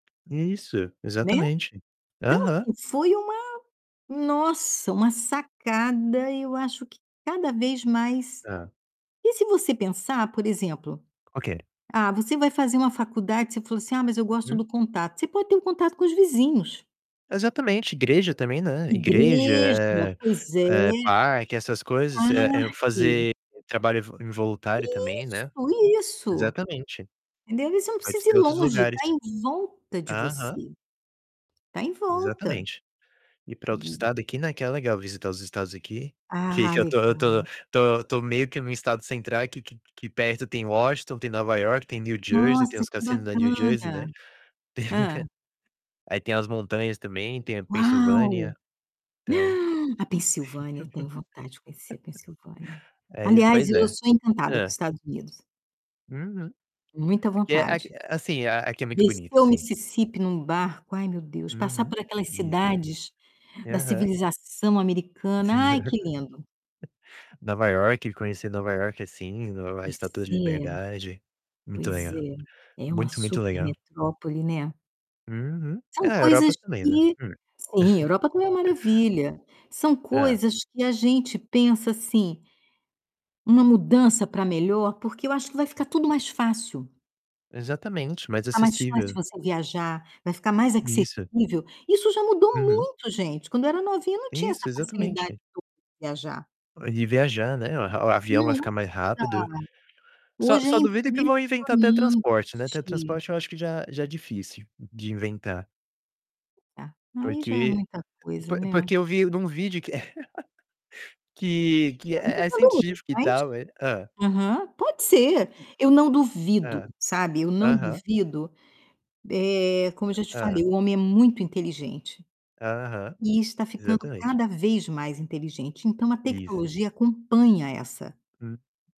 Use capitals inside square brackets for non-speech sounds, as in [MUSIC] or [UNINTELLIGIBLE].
É isso, Né. exatamente. Então, Aham. assim, foi uma nossa, uma sacada e eu acho que cada vez mais Hã. e se você pensar, por exemplo, Ok. ah, você vai fazer uma faculdade, você falou assim: "Ah, mas eu gosto Uhum. do contato", você pode ter o contato com os vizinhos. Exatamente, igreja também, né, igreja, Igreja, eh pois é. eh, parque, essas coisas, eh eh, Parque. fazer trabalho ev involuntário também, né. Isso, isso. Exatamente. Entendeu, aí você não Pode precisa ir ser outros longe, lugares. tá em volta de Aham. você. Tá em volta. Exatamente. Ir pra outro E estado aqui, né, que é legal visitar os estados aqui, que Ah, que eu tô eu tô legal. tô tô meio que num estado central aqui, que que que perto tem Washington, tem Nova Iorque, tem New Jersey, tem Nossa, os que cassinos lá em New Jersey, bacana. né, [LAUGHS] Hã. aí tem as montanhas também, tem a Uau! Pensilvânia, então. [GASPS] A Pensilvânia, eu tenho vontade de conhecer a Pensilvânia. [LAUGHS] É, e Aliás, pois eu é. sou encantada com os Hã. Estados Unidos. Uhum. Muita Aqui é aqu vontade. assim, a aqui é muito bonito, Descer o sim. Mississipi num barco, ai, meu Deus, passar Uhum, por aquelas isso. cidades da Aham. civilização americana. Ai, [LAUGHS] que lindo! Nova Iorque, conhecer Nova Iorque, assim, Nova a Pois Estátua de é, Liberdade. Muito pois legal. é. É uma Muito, muito super legal. metrópole, né. Uhum. É, São a Europa coisas também, né? que Hum. sim, Europa também é [CHUCKLES] maravilha. São Hã. coisas que a gente pensa, assim, uma mudança pra melhor, porque eu acho que vai ficar tudo mais fácil. Exatamente, mais Vai ficar mais fácil de acessível. você viajar, vai ficar mais Isso. acessível. Isso já mudou Uhum. muito, gente. Quando eu era novinha, não tinha Isso, essa facilidade exatamente. toda de viajar. E viajar, né? O a o avião vai Nossa, ficar mais rápido. Só hoje é só duvido que vão inventar teletransporte, né, impressionante. teletransporte eu acho que já já é difícil de inventar Tá, aí já é porque, muita po coisa, né. porque eu vi num vídeo que [CHUCKLES] que que Eu não é é entendo muito científico e mas tal, eh hã. aham, pode ser. [UNINTELLIGIBLE] Eu não duvido, Hã. sabe, eu não Aham. duvido, eh, como eu já te Hã. falei, o homem é muito inteligente Aham, e está ficando exatamente. cada vez mais inteligente, então a Isso. tecnologia acompanha essa Hum.